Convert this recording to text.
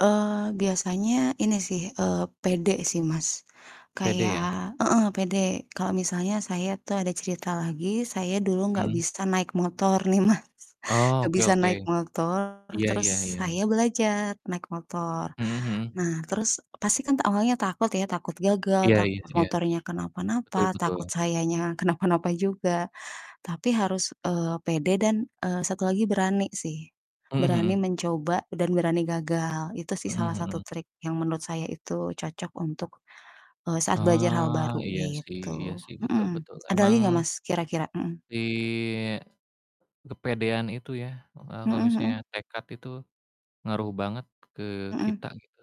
Eee, biasanya ini sih, eee, pede sih Mas, Pede ya. kayak heeh, pede. Kalo misalnya saya tuh ada cerita lagi, saya dulu nggak Mmm. bisa naik motor nih Mas, nggak Oke bisa oke. naik motor Iya terus iya iya iya. saya belajar naik motor. Mhm mhm. Nah, terus pasti kan awalnya takut ya, takut gagal, Iya iya takut iya. motornya Betul kenapa-napa, betul. takut sayanya kenapa-napa juga. Tapi harus, eee, pede dan, eee, satu lagi berani sih, Mhm berani mhm. mencoba dan berani gagal itu sih Mhm salah satu mhm. trik yang menurut saya itu cocok untuk, eee, saat belajar hal Ah, baru iya sih iya gitu. sih, betul Mhm. betul. Ada Emang lagi nggak, Mas, kira-kira? Mhm. Si kepedean itu ya, maka Mhm kalau mhm. misalnya tekad itu ngaruh banget ke Mhm. kita gitu.